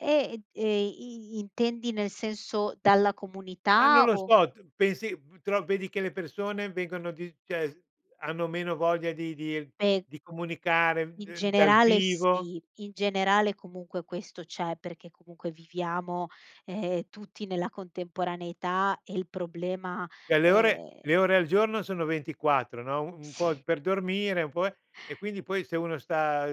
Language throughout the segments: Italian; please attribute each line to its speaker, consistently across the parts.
Speaker 1: Ed e i intendi nel senso dalla
Speaker 2: Ma non
Speaker 1: comunità
Speaker 2: lo
Speaker 1: o
Speaker 2: so t pensi p tro vedi che le persone vengono di cioè hanno meno voglia di di
Speaker 1: Beh
Speaker 2: di comunicare
Speaker 1: In
Speaker 2: d dal
Speaker 1: generale
Speaker 2: vivo?
Speaker 1: sì, in generale comunque questo c'è, perché comunque viviamo, ehm, tutti nella contemporaneità e il problema,
Speaker 2: Cioè le ore le
Speaker 1: ehm
Speaker 2: ore al giorno sono 24, no, u un po'
Speaker 1: Sì.
Speaker 2: per dormire, un po', eh e quindi poi se uno sta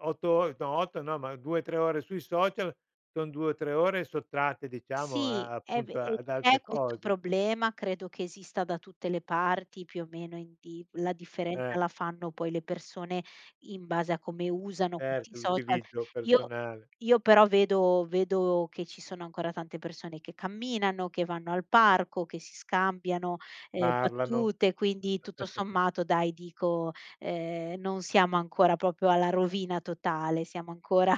Speaker 2: 8 or no 8 no, ma 2,3 ore sui social, son 2 o 3 ore sottratte, diciamo a
Speaker 1: Sì,
Speaker 2: a
Speaker 1: è ve
Speaker 2: appunto,
Speaker 1: e
Speaker 2: ad altre
Speaker 1: c'è questo
Speaker 2: cose.
Speaker 1: problema, credo che esista da tutte le parti, più o meno, in di la differenza
Speaker 2: Eh.
Speaker 1: la fanno poi le persone, in base a come usano questi
Speaker 2: Certo,
Speaker 1: social.
Speaker 2: l'utilizzo
Speaker 1: Io
Speaker 2: personale.
Speaker 1: io però vedo vedo che ci sono ancora tante persone che camminano, che vanno al parco, che si scambiano, ehm,
Speaker 2: Parlano.
Speaker 1: battute, quindi tutto sommato dai dico, ehm: "Non siamo ancora proprio alla rovina totale," siamo ancora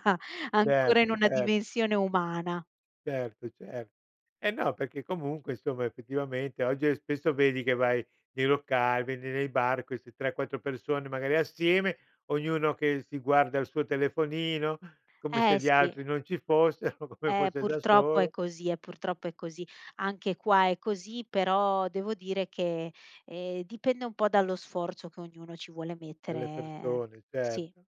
Speaker 1: ancora in
Speaker 2: Certo,
Speaker 1: una
Speaker 2: cer
Speaker 1: dimensione umana.
Speaker 2: Certo cer e no, perché comunque, insomma effettivamente oggi, eh, spesso vedi che vai nei locali, vedi nei bar queste 3, 4 persone magari assieme, ognuno che si guarda al suo telefonino, come se
Speaker 1: Eh,
Speaker 2: gli
Speaker 1: sì.
Speaker 2: altri non ci fossero, come
Speaker 1: Eh,
Speaker 2: fosse da
Speaker 1: purtroppo è
Speaker 2: solo.
Speaker 1: così, eh, purtroppo è così. Anche qua è così, però devo dire che, ehm, dipende un po' dallo sforzo che ognuno ci vuole mettere,
Speaker 2: Dalle
Speaker 1: ehm,
Speaker 2: persone
Speaker 1: sì.
Speaker 2: certo.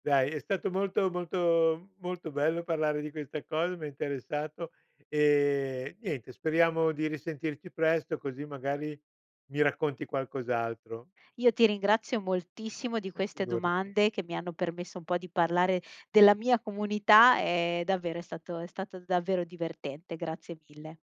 Speaker 2: Dai è stato molto molto molto bello, parlare di questa cosa, m'ha interessato e niente, speriamo di risentirci presto così magari mi racconti qualcos'altro.
Speaker 1: Io ti ringrazio moltissimo di
Speaker 2: Eh,
Speaker 1: queste
Speaker 2: figurati.
Speaker 1: domande, che mi hanno permesso un po' di parlare della mia comunità, e davvero è stato è stato davvero divertente. Grazie mille.